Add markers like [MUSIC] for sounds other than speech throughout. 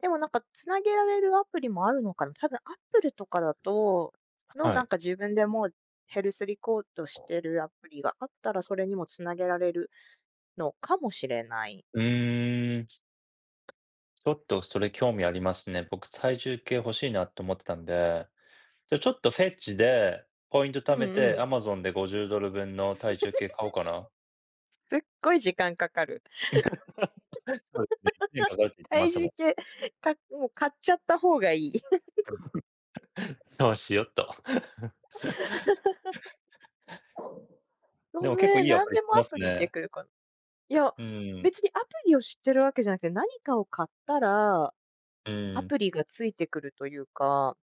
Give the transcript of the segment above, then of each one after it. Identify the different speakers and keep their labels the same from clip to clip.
Speaker 1: でもなんか繋げられるアプリもあるのかな、多分 Apple とかだと、の、
Speaker 2: は
Speaker 1: なん
Speaker 2: い。
Speaker 1: か自分でも、ヘルスリコードしてるアプリがあったら、それにも繋げられるのかもしれない。
Speaker 2: うーん。ちょっとそれ興味ありますね。僕、体重計欲しいなと思ってたんで。じゃ、ちょっとフェッチで、ポイント
Speaker 1: う
Speaker 2: 貯
Speaker 1: ん
Speaker 2: め
Speaker 1: う
Speaker 2: て
Speaker 1: ん。
Speaker 2: Amazon で50ドル分の体重計買おうかな。
Speaker 1: [CHUCKLES] すっごい時間かかる。
Speaker 2: [CHUCKLES] そうですね、[UNINTELLIGIBLE] かかるって言っ
Speaker 1: [CHUCKLES]
Speaker 2: てま
Speaker 1: 体
Speaker 2: したも
Speaker 1: 重
Speaker 2: ん。
Speaker 1: 計、かもう買っちゃった方がいい。
Speaker 2: [CHUCKLES] そうしようと。
Speaker 1: [CHUCKLES]
Speaker 2: [CHUCKLES]
Speaker 1: ご
Speaker 2: でも結構
Speaker 1: め
Speaker 2: い
Speaker 1: ん、
Speaker 2: いア
Speaker 1: 何
Speaker 2: プリ
Speaker 1: で
Speaker 2: 知っ
Speaker 1: も
Speaker 2: て
Speaker 1: ア
Speaker 2: ま
Speaker 1: プ
Speaker 2: す
Speaker 1: リにで
Speaker 2: ね。
Speaker 1: きるこ。いや、
Speaker 2: うーん。
Speaker 1: 別にアプリを知ってるわけじゃなくて、何かを買ったら、
Speaker 2: う
Speaker 1: ア
Speaker 2: ーん。
Speaker 1: プリが付いてくるというか。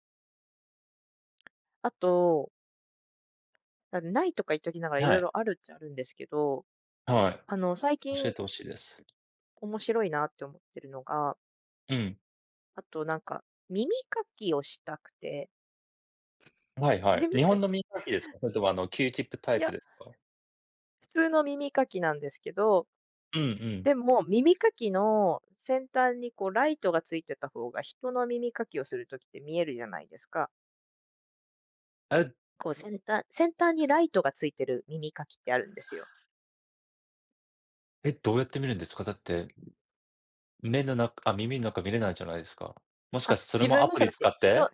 Speaker 1: あと。無いとか言っときながら、色
Speaker 2: はい。
Speaker 1: 々あるっちゃあるんですけど。
Speaker 2: は
Speaker 1: あの、最
Speaker 2: い。教
Speaker 1: 近
Speaker 2: えて欲しいです。
Speaker 1: 面白いなって思ってるのが。
Speaker 2: うん。
Speaker 1: あとなんか、耳かきをしたくて。
Speaker 2: はいはい。
Speaker 1: 耳
Speaker 2: 日
Speaker 1: か
Speaker 2: 本
Speaker 1: き。
Speaker 2: の耳かきですか。それともあの、キューチップタ
Speaker 1: い
Speaker 2: イプ
Speaker 1: や。
Speaker 2: ですか。
Speaker 1: 普通の耳かきなんですけど。
Speaker 2: うんうん。
Speaker 1: でも、耳かきの先端にこうライトが付いてたほうが、人の耳かきをする時って見えるじゃないですか。
Speaker 2: え。
Speaker 1: こう先端先端にライトが付いて耳かきってあるんですよ。
Speaker 2: え、どうやって見るんですか、だって目の中、あ、耳の中見れないじゃないすか。もし
Speaker 1: あ、
Speaker 2: かしてそれ
Speaker 1: 自
Speaker 2: も
Speaker 1: 分
Speaker 2: ア
Speaker 1: の
Speaker 2: プ
Speaker 1: じゃ
Speaker 2: リ
Speaker 1: なく
Speaker 2: 使
Speaker 1: て、
Speaker 2: っ
Speaker 1: 人。
Speaker 2: て、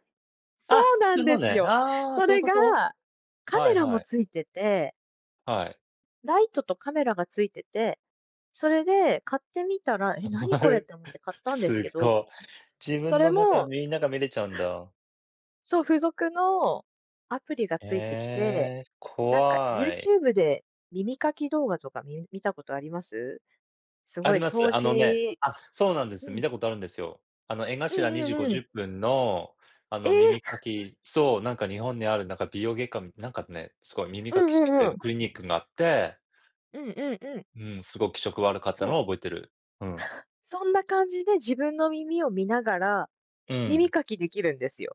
Speaker 1: そ
Speaker 2: あ、
Speaker 1: うな
Speaker 2: 普
Speaker 1: ん
Speaker 2: 通
Speaker 1: で
Speaker 2: の
Speaker 1: す
Speaker 2: ね。
Speaker 1: よ。
Speaker 2: ああ、
Speaker 1: そ
Speaker 2: そういう
Speaker 1: れ
Speaker 2: こ
Speaker 1: が、
Speaker 2: と、
Speaker 1: カ
Speaker 2: は
Speaker 1: メ
Speaker 2: い
Speaker 1: ラも
Speaker 2: はい。
Speaker 1: 付いてて
Speaker 2: はい。
Speaker 1: ライトとカメラが付いてて、それで買ってみたら、え、何これっ
Speaker 2: [CHUCKLES]
Speaker 1: て思って買ったんです
Speaker 2: す
Speaker 1: けど。
Speaker 2: ご、自
Speaker 1: そ
Speaker 2: 分
Speaker 1: れ
Speaker 2: の中、
Speaker 1: も。
Speaker 2: みんなが見れちゃうんだ。
Speaker 1: [CHUCKLES] そう、付属のアプリがついてきて、
Speaker 2: ええ、
Speaker 1: なんか
Speaker 2: 怖い。
Speaker 1: YouTube で、耳かき動画とか、み見たことあります。す
Speaker 2: あ
Speaker 1: ごい
Speaker 2: りま
Speaker 1: 掃
Speaker 2: す。あのね、
Speaker 1: 除
Speaker 2: あ、そうなんで
Speaker 1: う
Speaker 2: す。見
Speaker 1: ん。
Speaker 2: たことあるんですよ。あの江
Speaker 1: う
Speaker 2: 頭
Speaker 1: ん
Speaker 2: に
Speaker 1: う
Speaker 2: じご
Speaker 1: んう
Speaker 2: じゅ
Speaker 1: ん。
Speaker 2: っぷんの、あ
Speaker 1: え
Speaker 2: の、
Speaker 1: え。
Speaker 2: 耳かきそう、なんか日本にあ
Speaker 1: [CHUCKLES]
Speaker 2: るなんか美容外科、なんかね、すごい耳
Speaker 1: う
Speaker 2: かき
Speaker 1: ん
Speaker 2: してく
Speaker 1: う
Speaker 2: れ
Speaker 1: んう
Speaker 2: るクリニッ
Speaker 1: ん。
Speaker 2: クがあって。
Speaker 1: うんうんうん。
Speaker 2: うん、すごく気色悪かった
Speaker 1: そ
Speaker 2: の
Speaker 1: う、
Speaker 2: を覚えてる。うん。
Speaker 1: そんな感じで自分の耳を見ながら、
Speaker 2: うー
Speaker 1: 耳
Speaker 2: ん。
Speaker 1: かきできるんですよ。